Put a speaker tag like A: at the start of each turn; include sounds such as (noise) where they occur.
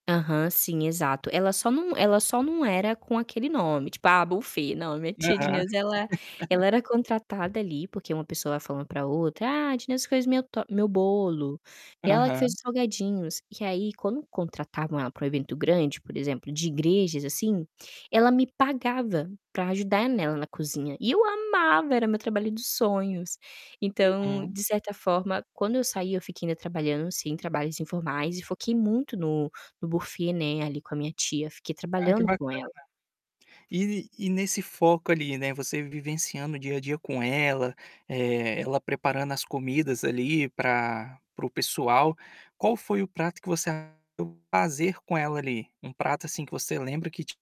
A: Aham, sim, exato. Ela só não ela só não era com aquele nome, tipo ah, Buffett, não minha tia
B: Aham.
A: Dineusa, ela ela
B: (laughs)
A: era contratada ali, porque uma pessoa vai falando pra outra: "Ah, a Dineusa fez meu to meu bolo e ela que fez
B: Aham.
A: os salgadinhos". E aí quando contratavam ela para um evento grande, por exemplo, de igrejas assim, ela me pagava pra ajudar nela na cozinha, e eu amava, era meu trabalho dos sonhos. Então,
B: Uhum.
A: de certa forma, quando eu saí, eu fiquei ainda trabalhando, sim, em trabalhos informais e foquei muito no no Buffett, né, ali, com a minha tia, fiquei
B: Ah, que
A: trabalhando
B: bacana.
A: com ela.
B: E e nesse foco ali, né, você vivenciando o dia a dia com ela, eh, ela preparando as comidas ali, pra para o pessoal, qual foi o prato que você (unintelligible) fazer com ela, ali? Um prato assim que você lembra que te